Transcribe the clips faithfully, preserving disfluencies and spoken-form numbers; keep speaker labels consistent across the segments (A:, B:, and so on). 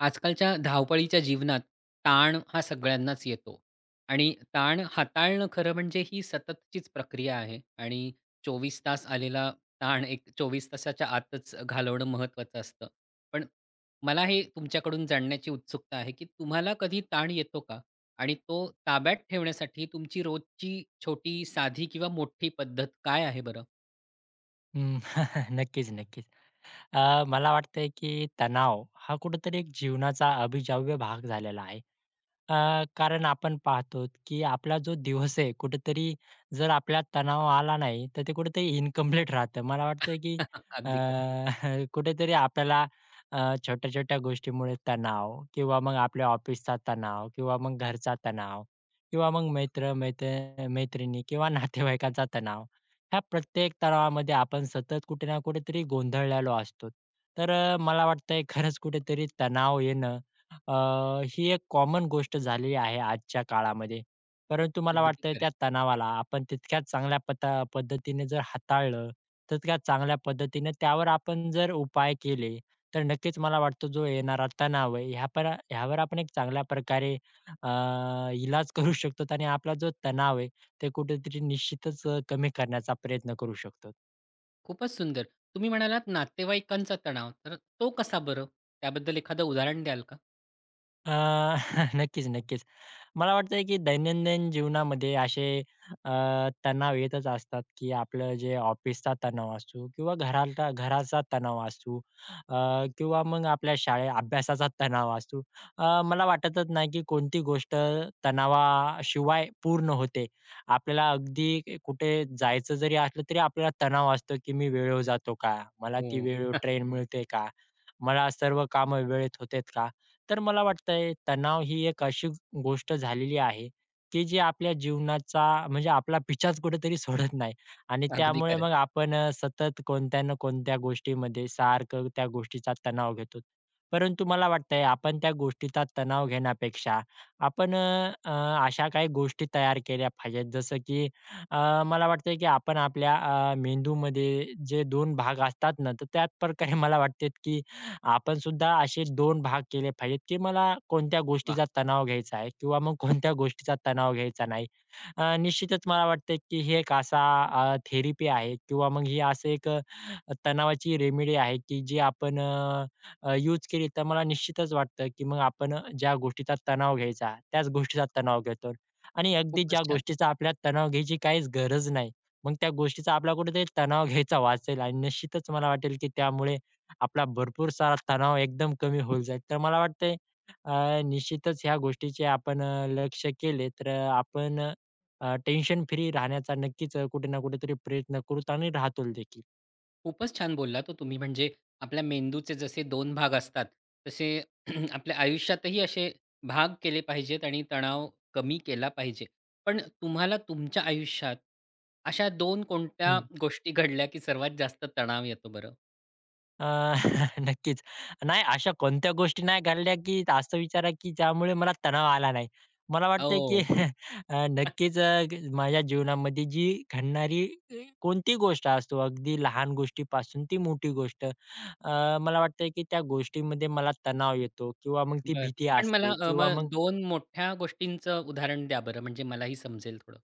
A: आजकालच्या धावपळीच्या जीवनात ताण हा सगळ्यांनाच येतो आणि ताण हाताळणं खरं म्हणजे ही सततचीच प्रक्रिया आहे आणि चोवीस तास आलेला ताण एक चोवीस तासाच्या आतच घालवणं महत्त्वाचं असतं. पण मला हे तुमच्याकडून जाणण्याची उत्सुकता आहे की तुम्हाला कधी ताण येतो का? आणि तो ताब्यात ठेवण्यासाठी तुमची रोजची छोटी साधी किंवा मोठी पद्धत काय आहे बरं?
B: अं, नक्कीच, नक्कीच. अ, मला वाटतंय की तणाव हा कुठेतरी एक जीवनाचा अबिजाव्य भाग झालेला आहे. अ, कारण आपण पाहतोत की आपला जो दिवस आहे, कुठेतरी जर आपल्याला तणाव आला नाही, तर ते कुठेतरी इनकंप्लीट राहतं. मला वाटतं की अ,
A: अगदी खरं.
B: कुठेतरी आपल्याला अ, छोट्या-छोट्या गोष्टींमुळे तणाव किंवा मग आपल्या ऑफिसचा तणाव किंवा मग घरचा तणाव किंवा मग मित्र मैत्र मैत्रिणी किंवा नातेवाईकांचा तणाव, ह्या प्रत्येक तणावामध्ये आपण सतत कुठे ना कुठेतरी गोंधळलेलो असतोत. तर अ, मला वाटतंय खरंच कुठेतरी तणाव येणं अ, ही एक कॉमन गोष्ट झालेली आहे आजच्या काळामध्ये. परंतु मला
A: अगदी
B: वाटतंय
A: खरं आहे.
B: त्या तणावाला आपण तितक्या चांगल्या पता पद्धतीने जर हाताळलं, तितक्याच चांगल्या पद्धतीने त्यावर आपण जर उपाय केले, तर नक्कीच मला वाटतं जो येणारा तणाव आहे, ह्यापर यावर आपण एक चांगल्या प्रकारे अ, इलाज करू शकतोत आणि आपला जो तणाव आहे, तो कुठेतरी निश्चितच अ, कमी करण्याचा प्रयत्न करू शकतोत.
A: खूपच सुंदर. तुम्ही म्हणालात नातेवाईकांचा तणाव. तर तो कसा बरं? त्याबद्दल एखादं उदाहरण द्याल का?
B: अ, नक्कीच, नक्कीच. मला वाटतंय, की दैनंदिन जीवनामध्ये असे अ, तणाव येतच असतात, की आपलं जे ऑफिसचा तणाव असू किंवा घराता घराचा तणाव असू अ, किंवा मग आपल्या शाळे अभ्यासाचा तणाव असू. अ, मला वाटतच नाही की कोणती गोष्ट तणावाशिवाय पूर्ण होते. आपल्याला अगदी कुठे जायचं जरी असलं तरी आपल्याला तणाव असतो, की "मी वेळेवर जातो का? मला ती
A: हो.
B: वेळेवर ट्रेन मिळते का? मला सर्व कामं वेळेत होतात का?" तर मला वाटतंय, तणाव ही एक अशी गोष्ट झालेली आहे, की जी आपल्या जीवनाचा म्हणजे आपला पिच्छाच कुठेतरी सोडत नाही आणि
A: अगदी
B: त्यामुळे
A: खरं आहे.
B: मग आपण अ, सतत कोणत्या ना कोणत्या गोष्टीमध्ये सारखं त्या गोष्टीचा तणाव घेतोत. परंतु मला वाटतंय, आपण त्या गोष्टीचा तणाव घेण्यापेक्षा आपण अ, अ, अशा काही गोष्टी तयार केल्या पाहिजेत जसं, की अ, मला वाटतंय, की आपण आपल्या अ, मेंदूमध्ये जे दोन भाग असतात ना तर त्याचप्रकारे मला वाटते, की आपण सुद्धा असे दोन भाग केले पाहिजेत, की मला कोणत्या
A: वाह!
B: गोष्टीचा तणाव घ्यायचा आहे किंवा मग कोणत्या गोष्टीचा तणाव घ्यायचा नाही. अ, निश्चितच मला वाटते, की ही एक असा अ, थेरपी आहे किंवा मग असं एक अ, अ, तणावाची रेमेडी आहे, की जी आपण अ, अ, युज केली तर मला निश्चितच वाटतं, की मग आपण अ, ज्या गोष्टीचा तणाव घ्यायचा, त्याच गोष्टीचा तणाव घेतो आणि अगदी
A: खूपच
B: ज्या
A: छान!
B: गोष्टीचा आपल्याला तणाव घ्यायची काहीच गरज नाही, मग त्या गोष्टीचा आपल्याला कुठेतरी तणाव घ्यायचा वाचेल आणि निश्चितच मला वाटेल, की त्यामुळे आपला भरपूर सारा तणाव एकदम कमी होऊन जाईल. तर मला वाटतंय, अ, निश्चितच ह्या गोष्टीचे आपण अ, लक्ष केले तर अ, आपण अ, टेन्शन फ्री राहण्याचा नक्कीच अ, कुठे ना कुठेतरी प्रयत्न करूत आणि राहतूल देखील.
A: खूपच छान बोललात हो तुम्ही. म्हणजे आपल्या मेंदूचे जसे दोन भाग असतात तसे आपल्या आयुष्यातही असे भाग केले पाहिजेत आणि तणाव कमी केला पाहिजे. पण तुम्हाला तुमच्या आयुष्यात अशा दोन कोणत्या
B: हं.
A: गोष्टी घडल्या की सर्वात जास्त तणाव येतो बरं?
B: अ, नक्कीच. नाही अशा कोणत्या गोष्टी नाही घडल्या की असं विचारा, की ज्यामुळे मला तणाव आला नाही. मला वाटतंय की
A: हो.
B: अ, नक्कीच अ, माझ्या जीवनामध्ये जी घडणारी कोणती गोष्ट असो अगदी लहान गोष्टीपासून ती मोठी गोष्ट. अ, मला वाटतंय, की त्या गोष्टीमध्ये मला तणाव येतो किंवा मग ती
A: बरं.
B: भीती
A: पण मला
B: असते
A: अ,
B: किंवा
A: मग
B: मग
A: दोन मोठ्या गोष्टींचं उदाहरण द्या बरं म्हणजे मलाही समजेल थोडं?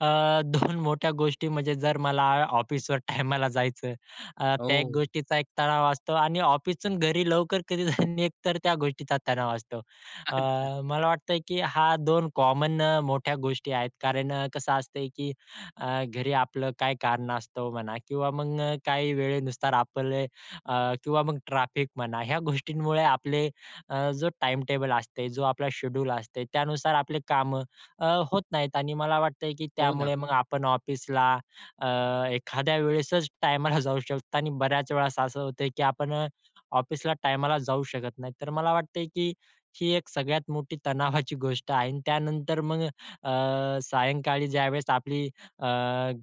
B: अ, दोन मोठ्या गोष्टी म्हणजे जर मला ऑफिसवर टायमाला जायचं, अ, त्या
A: ओह!
B: गोष्टीचा एक तणाव असतो आणि ऑफिसवरून घरी लवकर कधी निघ तर त्या गोष्टीचा तणाव असतो. अ,
A: अच्छा.
B: मला वाटतंय, की ह्या दोन कॉमन मोठ्या गोष्टी आहेत, कारण कसं असतंय की अ, घरी आपलं काही कारणास्तव म्हणा किंवा मग काही वेळेनुसार आपले अ, किंवा मग ट्रॅफिक म्हणा या गोष्टींमुळे आपले अ, जो टाईमटेबल असतंय, जे आपलं शेड्युल असतंय त्यानुसार आपली कामं अ, होत नाहीत आणि मला वाटतंय, की
A: हो
B: त्यामुळे
A: ना.
B: मग आपण ऑफिसला अ, एखाद्या वेळेसच टायमाला जाऊ शकतो आणि बऱ्याच वेळेस असं होतं की आपण अ, ऑफिसला टायमाला जाऊ शकत नाही. तर मला वाटतंय, की ही एक सगळ्यात मोठी तणावाची गोष्ट आहे अन् त्यानंतर मग अ, सायंकाळी ज्यावेळेस आपली अ,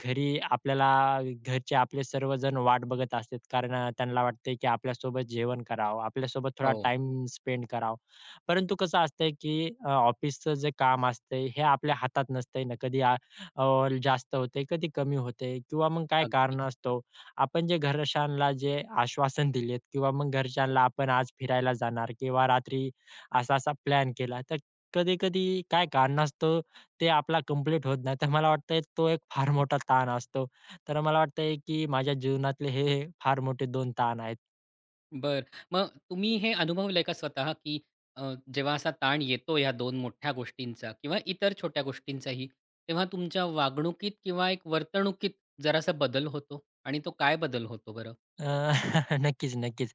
B: घरी आपल्याला घरचे आपले सर्वजण वाट बघत असतात. कारण त्यांना वाटतं, की आपल्यासोबत जेवण करावं. आपल्यासोबत थोडा
A: हो.
B: टाईम स्पेंड करावा. परंतु कसं असतंय की अ, ऑफिसचं जे काम असतंय, हे आपल्या हातात नसतं ना. कधी आ जास्त होतंय, कधी कमी होतंय किंवा मग काय
A: अगदी.
B: कारणास्तव आपण जे घरच्यांना जे आश्वासन दिलंय किंवा मग घरच्यांना आपण आज फिरायला जाणार किंवा रात्री असा-असा प्लॅन केला तर कधी-कधी काय कारणास्तव ते आपलं कम्प्लीट होत नाही, तर मला वाटतंय तो एक फार मोठा ताण असतो. तर मला वाटतंय, की माझ्या जीवनातले हे फार मोठे दोन ताण आहेत.
A: बरं. मग तुम्ही हे अनुभवलंय का स्वतः, की अ, जेव्हा असा ताण येतो, या दोन मोठ्या गोष्टींचा, किंवा इतर छोट्या गोष्टींचाही, तेव्हा तुमच्या वागणुकीत किंवा एक वर्तणुकीत जरासा बदल होतो आणि तो काय बदल होतो बरं?
B: अ, नक्कीच, नक्कीच.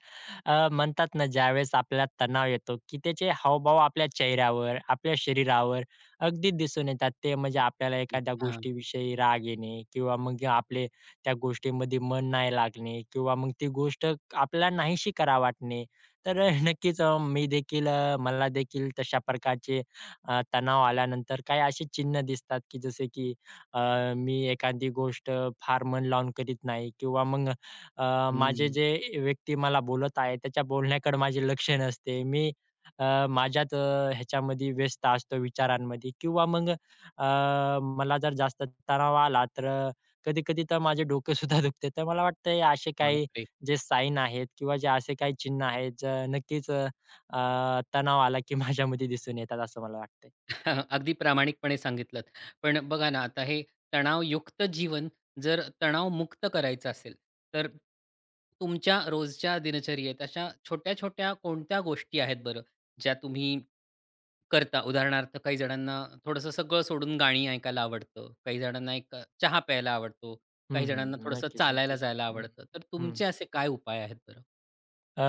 B: अ, म्हणतात ना, ज्यावेळेस आपल्याला तणाव येतो, की त्याचे हावभाव आपल्या चेहऱ्यावर, आपल्या शरीरावर अगदी दिसून येतात, ते म्हणजे आपल्याला एखाद्या
A: अच्छा.
B: गोष्टीविषयी राग येणे किंवा मग आपले त्या गोष्टींमध्ये मन नाही लागणे किंवा मग ती गोष्ट आपल्याला नाहीशी करावी वाटणे, तर अ, नक्कीच अ, मी देखील, अ, मला देखील तशा प्रकारचे अ, तणाव आल्यानंतर, काही अशी चिन्ह दिसतात की जसे की अ, मी एखादी गोष्ट फार मन लावून करीत नाही किंवा मग अ, माझे
A: हम्म.
B: जे व्यक्ती मला बोलत आहे, त्याच्या बोलण्याकडे माझे लक्ष नसते. मी अ, माझ्याच अ, ह्याच्यामध्ये व्यस्त असतो विचारांमध्ये किंवा मग अ, मला जर जास्त तणाव आला, तर अ, कधी-कधी तर माझे डोकं सुद्धा दुखते. तर मला वाटतंय, असे काही
A: बापरे!
B: जे साईन आहेत किंवा जे असे काही चिन्ह आहेत, अ, नक्कीच अ, तणाव आला की माझ्यामध्ये दिसून येतात असं मला वाटतंय.
A: अगदी प्रामाणिकपणे सांगितलंत. पण बघा ना, आता हे तणावयुक्त जीवन जर तणावमुक्त करायचं असेल, तर तुमच्या रोजच्या दिनचर्येत, अशा छोट्या-छोट्या कोणत्या गोष्टी आहेत बरं, ज्या तुम्ही करता? उदाहरणार्थ, काही जणांना थोडंसं सगळं सोडून गाणी ऐकायला आवडतं. काही जणांना एक अ, चहा प्यायला आवडतो.
B: हं,
A: काही जणांना
B: हं.
A: थोडंसं
B: नक्कीच,
A: चालायला
B: नक्कीच.
A: जायला
B: हं.
A: आवडतं. तर
B: हं.
A: तुमचे असे काय उपाय आहेत बरं?
B: अ,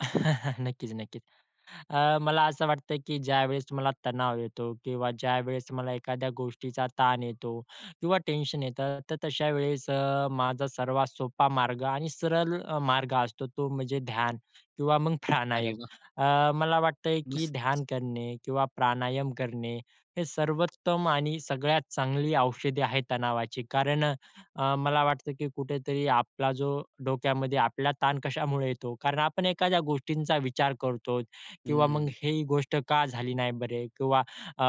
B: नक्कीच, नक्कीच. अ, मला असं वाटतं की ज्यावेळेस मला तणाव येतो किंवा ज्यावेळेस मला एखाद्या गोष्टीचा ताण येतो किंवा टेन्शन येतं, तर तशा वेळेस अ, माझा सर्वात सोपा मार्ग आणि सरळ मार्ग असतो, तो म्हणजे ध्यान किंवा मग
A: अरे
B: फानायम.
A: वाह!
B: अ, मला वाटतंय की
A: मस्तच.
B: ध्यान करणे किंवा प्राणायाम करणे ही सर्वोत्तम आणि सगळ्यात चांगली औषधी आहेत तणावाची. कारण अ, अ, मला वाटतं की कुठेतरी आपला जो डोक्यामध्ये आपला ताण कशामुळे येतो? कारण आपण एखाद्या गोष्टींचा विचार करतोत किंवा मग
A: हम्म.
B: ही गोष्ट का झाली नाही बरे किंवा अ,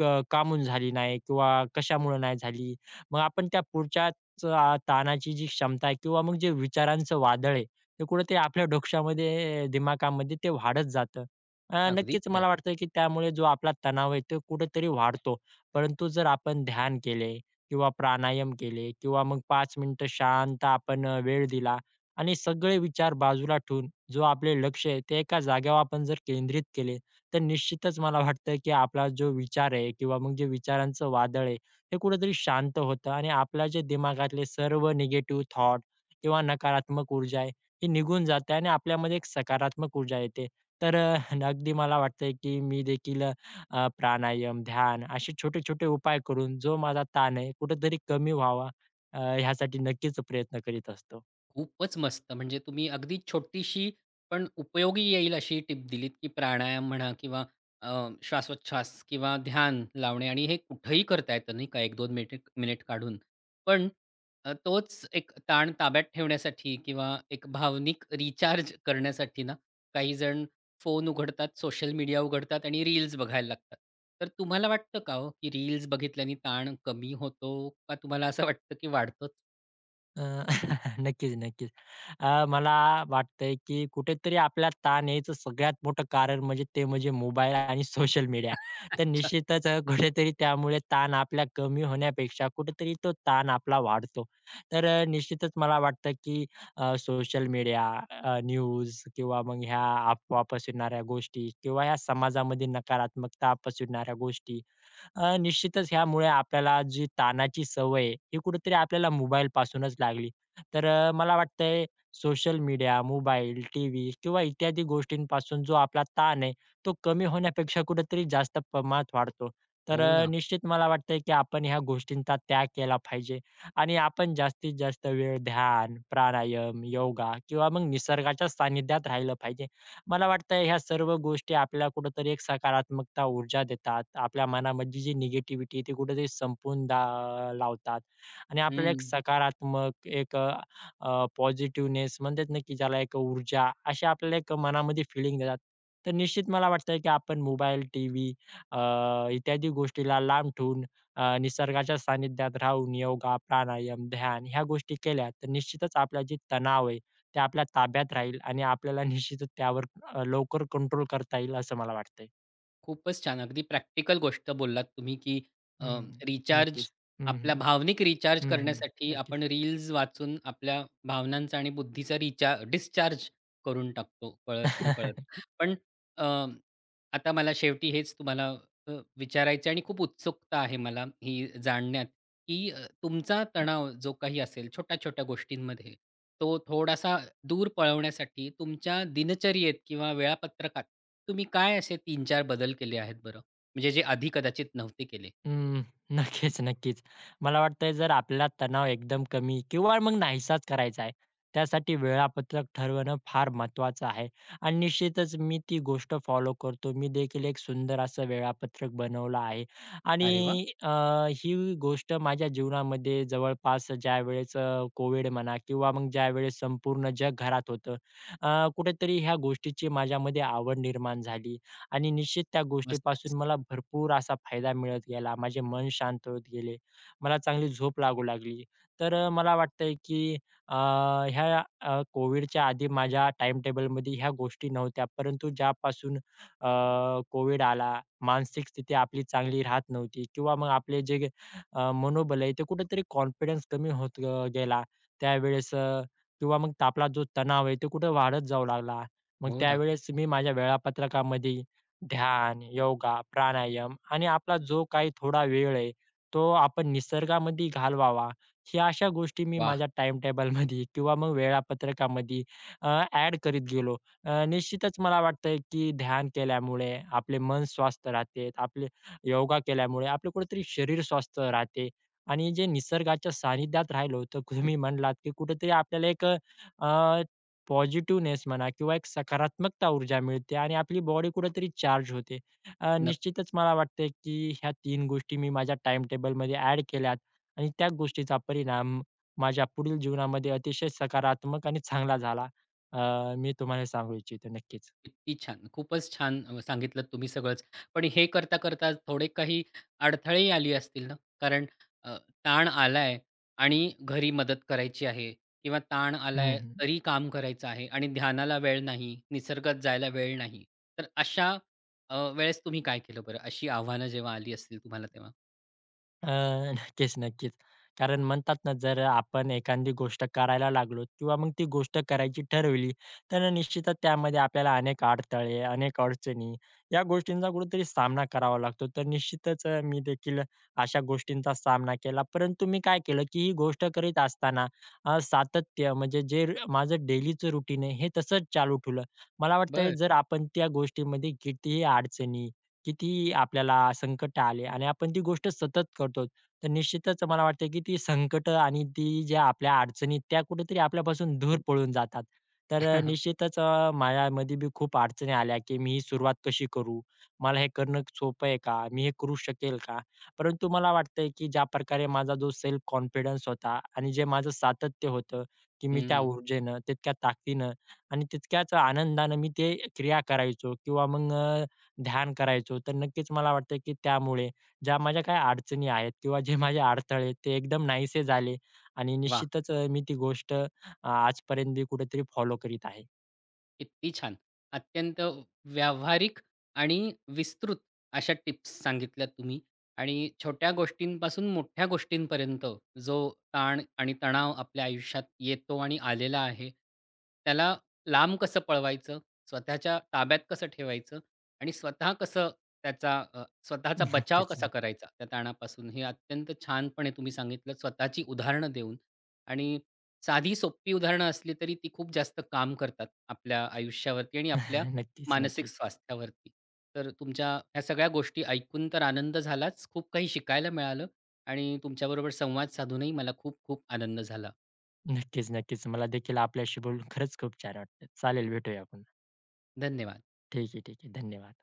B: क काहून झाली नाही किंवा कशामुळे नाही झाली, मग आपण त्या पुढच्याच अ, ताणाची जी क्षमता आहे किंवा मग जे विचारांचं वादळ आहे, ते कुठे ते आपल्या डोक्शामध्ये दिमागामध्ये ते वाढत जातं. अ,
A: अगदी
B: नक्कीच
A: खरं आहे.
B: मला वाटतं की त्यामुळे जो आपला तणाव आहे तो कुठेतरी वाढतो. परंतु जर आपण ध्यान केले किंवा प्राणायाम केले किंवा मग पाच मिनिटं शांत आपण अ, वेळ दिला आणि सगळे विचार बाजूला ठेवून जो आपलं लक्ष आहे, ते एका जागेवर आपण जर केंद्रित केले, तर निश्चितच मला वाटतं की आपला जो विचार आहे किंवा मग जे विचारांचं वादळ आहे, ते कुठेतरी शांत होतं आणि आपल्या जे दिमागातले सर्व नेगेटिव्ह थॉट किंवा नकारात्मक ऊर्जा आहे, ही निघून जाते आणि आपल्यामध्ये एक सकारात्मक ऊर्जा येते. तर अ, अगदी मला वाटतंय की मी देखील अ, अ, प्राणायाम, ध्यान असे छोटे-छोटे उपाय करून जो माझा ताण आहे, कुठेतरी कमी व्हावा अ, यासाठी नक्कीच प्रयत्न करीत असतो.
A: खूपच मस्त म्हणजे तुम्ही अगदी छोटीशी, पण उपयोगी येईल अशी टिप दिलीत, की प्राणायाम म्हणा, किंवा अ, श्वासोच्छवास, किंवा ध्यान लावणे आणि हे कुठेही करता येतं नाही का, एक दोन मेटेक मिनिट काढून. पण अ, तोच एक ताण ताब्यात ठेवण्यासाठी किंवा एक भावनिक रिचार्ज करण्यासाठी ना, काही जण फोन उघडतात, सोशल मीडिया उघडतात आणि रील्स बघायला लागतात. तर तुम्हाला वाटतं का हो, की रील्स बघितल्याने ताण कमी होतो? का तुम्हाला असं वाटतं की वाढतोच?
B: अ, नक्कीच, नक्कीच. अ, मला वाटतंय की कुठेतरी आपल्याला ताण यायचं सगळ्यात मोठं कारण म्हणजे ते म्हणजे मोबाईल आणि सोशल मीडिया. तर
A: अच्छा.
B: निश्चितच अ, कुठेतरी त्यामुळे ताण आपला कमी होण्यापेक्षा, कुठेतरी तो ताण आपला वाढतो. तर अ, निश्चितच मला वाटतं, की अ, सोशल मीडिया, अ, न्यूज, किंवा मग ह्या अफवा पसरवणाऱ्या गोष्टी किंवा ह्या समाजामध्ये नकारात्मकता पसरवणाऱ्या गोष्टी अ, निश्चितच यामुळे आपल्याला जी ताणाची सवय आहे, हे कुठेतरी आपल्याला मोबाईलपासूनच लागली. तर अ, मला वाटतंय सोशल मीडिया, मोबाईल, टीव्ही किंवा इत्यादी गोष्टींपासून जो आपला ताण आहे, तो कमी होण्यापेक्षा कुठेतरी जास्त प्रमाणात वाढतो. तर
A: हो
B: अ,
A: ना.
B: निश्चित मला वाटतंय, की आपण ह्या गोष्टींचा त्याग केला पाहिजे आणि आपण जास्तीत जास्त वेळ ध्यान, प्राणायाम, योगा किंवा मग निसर्गाच्या सानिध्यात राहिलं पाहिजे. मला वाटतंय, ह्या सर्व गोष्टी आपल्याला कुठेतरी एक सकारात्मकता ऊर्जा देतात. आपल्या मनामधली जी निगेटिव्हिटी आहे, ती कुठेतरी संपून दा लावतात आणि आपल्याला एक
A: हं.
B: सकारात्मक, एक अ, अ, पॉझिटिव्हनेस, म्हणतात ना की ज्याला एक ऊर्जा अशी आपल्याला एक मनामध्ये फीलिंग देतात. तर निश्चित मला वाटतंय, की आपण मोबाईल, टीव्ही, अ, इत्यादी गोष्टीला लांब ठेवून अ, निसर्गाच्या सानिध्यात राहून योगा, प्राणायाम, ध्यान ह्या गोष्टी केल्या, तर निश्चितच आपलं जे तणाव आहे ते आपल्या ताब्यात राहील आणि आपल्याला निश्चितच त्यावर अ, लवकर कंट्रोल करता येईल, असं मला वाटतंय.
A: खूपच छान. अगदी प्रॅक्टिकल गोष्ट बोललात तुम्ही, की अ,
B: हं.
A: रिचार्ज,
B: नक्कीच. हं, हं,
A: आपल्या भावनिक रिचार्ज
B: हं, हं.
A: करण्यासाठी
B: नक्कीच.
A: आपण रील्स वाचून आपल्या भावनांचा आणि बुद्धीचा रिचार्ज डिस्चार्ज करून टाकतो कळत नकळत.
B: नक्की
A: पण अ, आता मला शेवटी हेच तुम्हाला अ, विचारायचं आहे आणि खूप उत्सुकता आहे मला ही जाणण्यात, की तुमचा तणाव जो काही असेल छोट्या-छोट्या गोष्टींमध्ये तो थोडासा दूर पळवण्यासाठी तुमच्या दिनचर्येत किंवा वेळापत्रकात तुम्ही काय असे तीन चार बदल केले आहेत बरं? म्हणजे जे आधी कदाचित नव्हते केले.
B: अं. नक्कीच नक्कीच, मला वाटतंय जर आपल्याला तणाव एकदम कमी किंवा मग नाहीसाच करायचा आहे, त्यासाठी वेळापत्रक ठरवणं फार महत्त्वाचं आहे आणि निश्चितच मी ती गोष्ट फॉलो करतो. मी देखील एक सुंदर असं वेळापत्रक बनवलं आहे
A: अरे वाह!
B: आणि अ, ही गोष्ट माझ्या जीवनामध्ये जवळपास ज्यावेळेस कोविड म्हणा किंवा मग ज्यावेळेस संपूर्ण जग घरात होतं अ, कुठेतरी ह्या गोष्टीची माझ्यामध्ये आवड निर्माण झाली आणि निश्चित त्या
A: मस्तच.
B: गोष्टीपासून मला भरपूर असा फायदा मिळत गेला. माझे मन शांत होत गेले. मला चांगली झोप लागू लागली. तर मला वाटतंय, की अ, या कोविडच्या आधी माझ्या टाईमटेबलमध्ये ह्या गोष्टी नव्हत्या. परंतु ज्यापासून अ, कोविड आला, मानसिक स्थिती आपली चांगली राहत नव्हती किंवा मग आपलं जे अ, मनोबल आहे, ते कुठेतरी कॉन्फिडन्स कमी होत अ, गेला. त्यावेळेस किंवा मग आपला जो तणाव आहे तो कुठे वाढत जाऊ लागला, मग
A: हो ना.
B: त्यावेळेस मी माझ्या वेळापत्रकामध्ये ध्यान, योगा, प्राणायाम आणि आपला जो काही थोडा वेळ आहे तो आपण निसर्गामध्ये घालवावा ह्या अशा गोष्टी मी
A: वाह!
B: माझ्या टाईमटेबलमध्ये किंवा मग वेळापत्रकामध्ये अ, ॲड करीत गेलो. अ, निश्चितच मला वाटतंय, की ध्यान केल्यामुळे आपले मन स्वस्थ राहते, आपले योगा केल्यामुळे आपलं कुठेतरी शरीर स्वस्थ राहते आणि जे निसर्गाच्या सानिध्यात राहिलं होतं. तुम्ही म्हटलात, की कुठेतरी आपल्याला एक अ, पॉझिटिव्हनेस म्हणा किंवा एक सकारात्मक ऊर्जा मिळते आणि आपली बॉडी कुठेतरी चार्ज होते. अ,
A: नक्कीच.
B: निश्चितच मला वाटतं की ह्या तीन गोष्टी मी माझ्या टाईमटेबलमध्ये ॲड केल्यात आणि त्या गोष्टीचा परिणाम माझ्या पुढील जीवनामध्ये अतिशय सकारात्मक आणि चांगला झाला. अ, मी तुम्हाला सांगू इच्छितो, नक्कीच.
A: किती छान. खूपच छान सांगितलत तुम्ही सगळंच. पण हे करता, करता थोडे काही अडथळेही आले असतील ना? कारण अ, ताण आलाय आणि घरी मदत करायची आहे किंवा ताण
B: हं,
A: आलाय
B: हं.
A: तरी काम करायचं आहे आणि ध्यानाला वेळ नाही. निसर्गात जायला वेळ नाही. तर अशा अ, वेळेस तुम्ही काय केलं बरं? अशी आव्हानं जेव्हा आली असतील तुम्हाला तेव्हा.
B: अ, नक्कीच, नक्कीच. कारण म्हणतात ना, जर आपण एखांदी गोष्ट करायला लागलो किंवा मग ती गोष्ट करायची ठरवली, तर अ, निश्चितच त्यामध्ये आपल्याला अनेक अडथळे, अनेक अडचणी, या गोष्टींचा कुठेतरी सामना करावा लागतो. तर निश्चितच अ, मी देखील अशा गोष्टींचा सामना केला, परंतु मी काय केलं, की ही गोष्ट करीत असताना अ, सातत्य म्हणजे जे माझं डेलीचं रूटीन आहे, हे तसंच चालू ठेवलं. मला वाटतंय
A: बरं.
B: जर आपण त्या गोष्टीमध्ये कितीही अडचणी, कितीही आपल्याला संकट आले आणि आपण ती गोष्ट सतत करतो, तर निश्चितच मला वाटतं, की ती संकटं आणि ती ज्या आपल्या अडचणी आहेत, त्या कुठेतरी आपल्यापासून दूर पळून जातात. तर अ, निश्चितच अ, माझ्यामध्ये बी खूप अडचणी आल्या, की "मी ही सुरुवात कशी करू? मला हे करणं क सोपं आहे का? मी हे करू शकेल का?" परंतु मला मला वाटतंय, की ज्या प्रकारे माझा जो सेल्फ कॉन्फिडन्स होता आणि जे माझं सातत्य होतं, की मी त्या
A: हम्म.
B: ऊर्जेनं, तितक्या ताकदीनं आणि तितक्याच आनंदानं मी ते क्रिया करायचो किंवा मग अ, ध्यान करायचो. तर नक्कीच मला वाटतं, की त्यामुळे ज्या माझ्या काही अडचणी आहेत किंवा जे माझे अडथळे ते एकदम नाहीसे झाले आणि
A: वाह!
B: निश्चितच अ, मी ती गोष्ट आजपर्यंत बी कुठेतरी फॉलो करीत आहे.
A: किती छान! अत्यंत व्यावहारिक आणि विस्तृत अशा टिप्स सांगितल्यात तुम्ही आणि छोट्या गोष्टींपासून मोठ्या गोष्टींपर्यंत, जो ताण आणि तणाव आपल्या आयुष्यात येतो आणि आलेला आहे, त्याला लांब कसं पळवायचं, स्वतःच्या ताब्यात कसं ठेवायचं आणि स्वतः कसं त्याचा अ, स्वतःचा
B: नक्कीच,
A: बचाव कसा
B: नक्की
A: करायचा, त्या ताणापासून, हे अत्यंत छानपणे तुम्ही सांगितलं, स्वतःची उदाहरणं देऊन आणि साधी सोपी उदाहरणं असली, तरी ती खूप जास्त काम करतात आपल्या आयुष्यावरती आणि आपल्या
B: नक्कीच,
A: मानसिक
B: नक्कीच.
A: स्वास्थ्यावरती. तर तुमच्या ह्या सगळ्या गोष्टी ऐकून तर आनंद झालाच. खूप काही शिकायला मिळालं आणि तुमच्याबरोबर संवाद साधूनही मला खूप-खूप आनंद झाला.
B: नक्कीच, नक्कीच, मला देखील आपल्याशी बोलून खरंच खूप छान वाटतं. चालेल, भेटूया आपण.
A: धन्यवाद.
B: ठीक आहे, ठीक आहे, धन्यवाद.